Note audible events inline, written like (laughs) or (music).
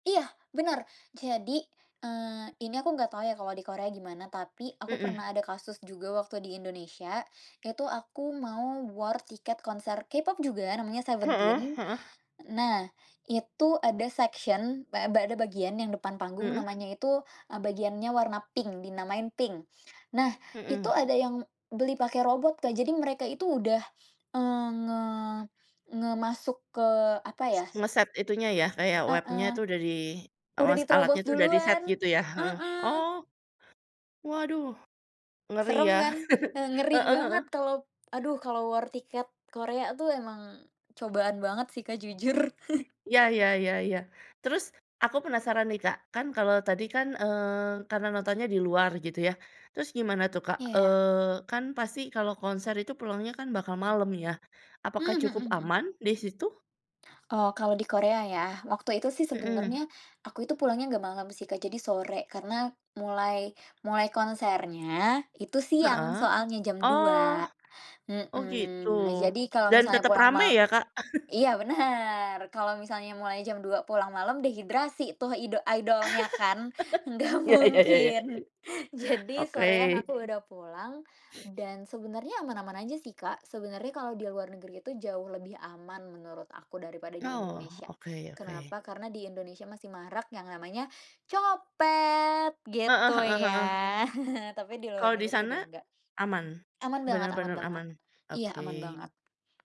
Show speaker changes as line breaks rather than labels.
Iya, benar. Jadi, eee, ini aku enggak tahu ya kalau di Korea gimana, tapi aku
Mhm.
pernah ada kasus juga waktu di Indonesia. Itu aku mau war tiket konser K-pop juga, namanya
Heeh
Seventeen.
heeh.
Nah, itu ada section ba eee, ada bagian yang depan panggung.
Mhm.
Namanya itu, eee, bagiannya warna pink, dinamakan pink. Nah, itu
Mhm.
ada yang beli pakai robot, Kak. Jadi mereka itu udah eee, nge nge masuk ke apa
S
ya
ngeset itunya ya, kayak web-nya
Heeh.
itu udah di
Udah
awas alatnya
diterobos
itu udah diset
duluan,
gitu ya, heeh.
heeh.
Oh, waduh, ngeri
Serem
ya.
kan,
(chuckles)
eee, ngeri
Heeh heeh.
banget kalau aduh, kalau war tiket Korea tuh emang cobaan banget sih, Kak, jujur. (chuckles)
Iya iya iya iya. Terus aku penasaran nih Kak, kan kalau tadi kan, eee, karena nontonnya di luar gitu ya. Terus gimana tuh, Kak,
Iya.
eee, kan pasti kalau konser itu pulangnya kan bakal malem ya,
Mmm,
apakah
mhm
cukup
mhm. Mmm.
aman di situ?
Oh, kalau di Korea ya, waktu itu sih
Mhm.
sebenarnya, aku itu pulangnya enggak malam sih, Kak. Jadi sore, karena mulai-mulai konsernya itu siang,
Heeh.
soalnya jam
Oh.
2.00,
Oh gitu.
mhm, nah jadi kalau
Dan
misalnya
tetep
pulang
rame
mal
ya, Kak?
iya,
(chuckles)
bener, kalau misalnya mulai jam 2.00 pulang malam, dehidrasi tuh ido idolnya kan
(laughs)
enggak
Iya iya iya iya.
mungkin. (chuckles) Jadi
Oke.
sorean aku udah pulang, dan sebenarnya aman-aman aja sih, Kak. Sebenarnya kalau di luar negeri itu jauh lebih aman menurut aku daripada di
Oh,
Indonesia.
oke oke.
Kenapa? Karena di Indonesia masih marak yang namanya copet
Heeh
gitu
heeh heeh.
ya. (chuckles) Tapi di luar
Kalau di
negeri udah
sana
enggak,
aman?
aman banget aman
Benar-benar
banget.
aman?
Iya, aman
Oke.
banget.